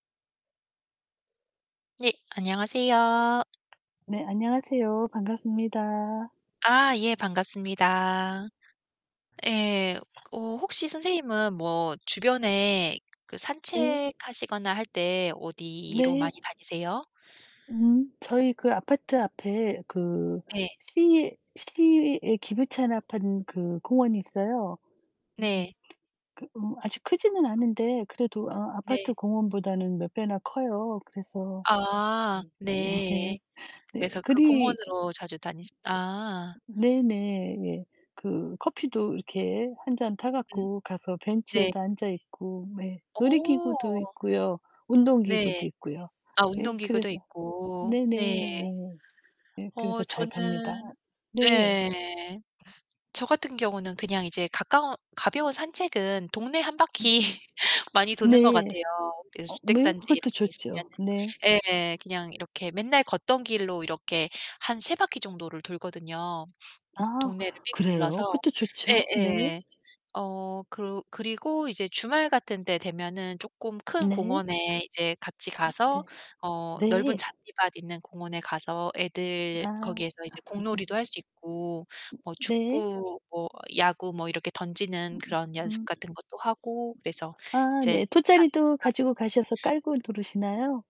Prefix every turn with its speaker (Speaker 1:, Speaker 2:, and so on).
Speaker 1: 네. 안녕하세요.
Speaker 2: 네. 안녕하세요. 반갑습니다.
Speaker 1: 아 예 반갑습니다. 예. 어 혹시 선생님은 뭐 주변에 그
Speaker 2: 네.
Speaker 1: 산책하시거나 할 때 어디로
Speaker 2: 네.
Speaker 1: 많이 다니세요?
Speaker 2: 음 저희 그 아파트 앞에 그
Speaker 1: 네.
Speaker 2: 시 시에 기부 차납한 그 공원이 있어요. 음
Speaker 1: 네.
Speaker 2: 그 어 아직 크지는 않은데 그래도 어
Speaker 1: 네.
Speaker 2: 아파트 공원보다는 몇 배나 커요. 그래서
Speaker 1: 아.
Speaker 2: 예. 네.
Speaker 1: 네.
Speaker 2: 네.
Speaker 1: 그래서 그
Speaker 2: 그리
Speaker 1: 공원으로 자주 다니시 아.
Speaker 2: 네네 예. 그 커피도 이렇게 1 잔 타
Speaker 1: 음.
Speaker 2: 갖고 가서
Speaker 1: 네.
Speaker 2: 벤치에도 앉아 있고. 네. 놀이기구도
Speaker 1: 어.
Speaker 2: 있고요. 운동
Speaker 1: 네.
Speaker 2: 기구도 있고요.
Speaker 1: 아
Speaker 2: 예
Speaker 1: 운동 기구도
Speaker 2: 그래서
Speaker 1: 있고 네.
Speaker 2: 네네네. 예
Speaker 1: 어
Speaker 2: 그래서 잘 갑니다.
Speaker 1: 저는
Speaker 2: 네.
Speaker 1: 네. 저 같은 경우는 그냥 이제 가까운, 가벼운 산책은 동네 1 바퀴 많이 도는 것
Speaker 2: 네.
Speaker 1: 같아요. 그래서
Speaker 2: 어 뭐
Speaker 1: 주택단지 이런
Speaker 2: 그것도
Speaker 1: 게
Speaker 2: 좋죠.
Speaker 1: 있으면은
Speaker 2: 네.
Speaker 1: 예예. 그냥 이렇게 맨날 걷던 길로 이렇게 한 3 바퀴 정도를 돌거든요.
Speaker 2: 아
Speaker 1: 동네를 삥
Speaker 2: 그래요?
Speaker 1: 둘러서.
Speaker 2: 그것도 좋죠. 네.
Speaker 1: 예예. 어 그러 그리고 이제 주말 같은 때 되면은 조금 큰
Speaker 2: 네.
Speaker 1: 공원에 이제 같이
Speaker 2: 음 네.
Speaker 1: 가서 어 넓은
Speaker 2: 네.
Speaker 1: 잔디밭 있는 공원에 가서 애들
Speaker 2: 아.
Speaker 1: 거기에서 이제 공놀이도 할 수 있고 뭐
Speaker 2: 네.
Speaker 1: 축구, 뭐 야구 뭐 이렇게 던지는
Speaker 2: 음음
Speaker 1: 그런 연습
Speaker 2: 음.
Speaker 1: 같은 것도 하고 그래서
Speaker 2: 아
Speaker 1: 이제
Speaker 2: 네
Speaker 1: 잔디밭
Speaker 2: 돗자리도 가지고
Speaker 1: [unintelligible]
Speaker 2: 가셔서 깔고 누르시나요?